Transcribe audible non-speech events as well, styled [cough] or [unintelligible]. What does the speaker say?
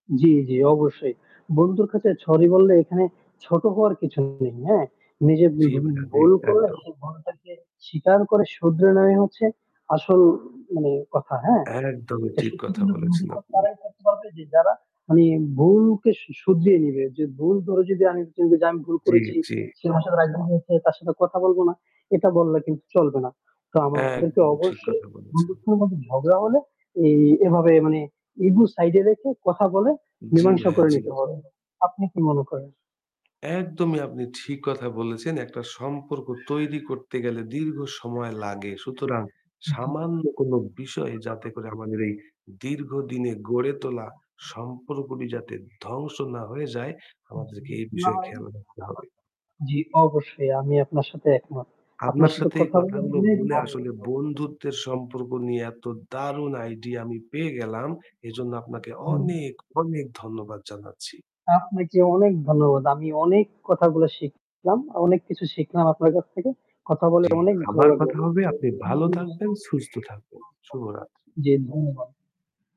জী, জী। অবশ্যই। বন্ধুর কাছে সরি বললে এখানে ছোট হওয়ার কিছু নেই হ্যাঁ? নিজে জি ধু ভাইয়া, জি ভুল করলে একদম। সেই ভুলটাকে স্বীকার করে শুধরে নেয়াই হচ্ছে আসল মানে কথা হ্যাঁ? একদমই তো ঠিক সত্যি কথা কিন্তু বলেছেন [unintelligible] আপনি। তারাই করতে পারবে যে যারা মানে ভুলকে শু শুধরিয়ে নিবে যে, "ভুল ধরে যদি আমি, যে আমি ভুল জী, করেছি, জী। সে [unintelligible] তার সাথে কথা বলবো না।" এটা বললে কিন্তু চলবে না। [unintelligible] একদমই ঠিক অবশ্যই কথা বলেছেন! বন্ধুত্বর মধ্যে ঝগড়া হলে এই এভাবে মানে ইগো সাইড এ রেখে কথা বলে জী মীমাংসা ভাইয়া, করে জী। নিতে হবে। আপনি কি মনে করেন? একদমই আপনি ঠিক কথা বলেছেন। একটা সম্পর্ক তৈরি করতে গেলে দীর্ঘ সময় লাগে। সুতরাং হুম, হুম। সামান্য কোনো বিষয় যাতে করে আমাদের এই দীর্ঘ দিনে গড়ে তোলা সম্পর্কটি যাতে ধ্বংস না হয়ে যায়, উ জি। আমাদেরকে এই না বিষয়ে হয় খেয়াল রাখতে হবে। জী, অবশ্যই। আমি আপনার সাথে একমত। আপনার আপনার সাথে সাথে এই কথা বলে কথাগুলো অনেক বলে ভালো আসলে লাগলো। [unintelligible] বন্ধুত্বের সম্পর্ক নিয়ে এত দারুন আইডিয়া আমি পেয়ে গেলাম। এজন্য আপনাকে হুম। অনেক, অনেক ধন্যবাদ জানাচ্ছি। আপনাকে অনেক ধন্যবাদ। আমি অনেক কথাগুলো শিখলাম অনেক কিছু শিখলাম আপনার কাছ থেকে। কথা বলে জী, অনেক ভালো আবার লাগলো। কথা হবে আপনি ভালো থাকবেন, সুস্থ থাকবেন। শুভরাত্রি। জী, ধন্যবাদ।